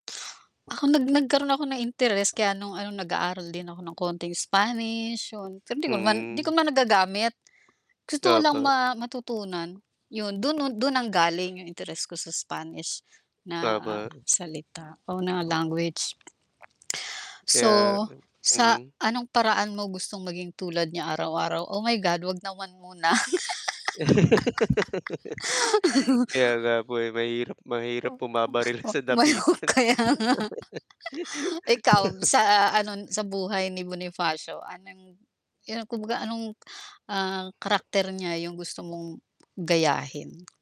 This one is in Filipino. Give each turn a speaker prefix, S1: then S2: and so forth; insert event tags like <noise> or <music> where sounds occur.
S1: Ako nag nagkaroon ako ng interes kaya nung ano nag-aaral din ako ng konting Spanish yun pero 'di ko naman 'di ko
S2: Mm.
S1: naman nagagamit. Gusto ko lang
S2: Opo.
S1: ma matutunan, yun dun dun nanggaling yung interes ko sa Spanish na
S2: Opo.
S1: salita o na language.
S2: Kaya
S1: So, sa
S2: mm.
S1: anong paraan mo gustong maging tulad niya araw-araw? Oh my God wag naman muna.
S2: <laughs>
S1: <chuckles>
S2: Kaya nga po eh, mahirap mahirap
S1: O,
S2: po mabaril
S1: o, o.
S2: sa
S1: Mayup
S2: dapitan.
S1: Kaya nga
S2: <laughs>
S1: <laughs> Ikaw
S2: <laughs>
S1: sa ano sa buhay ni Bonifacio, ano yun, yun ah, kumbaga ano yung ah, karakter niya yung gusto mong gayahin?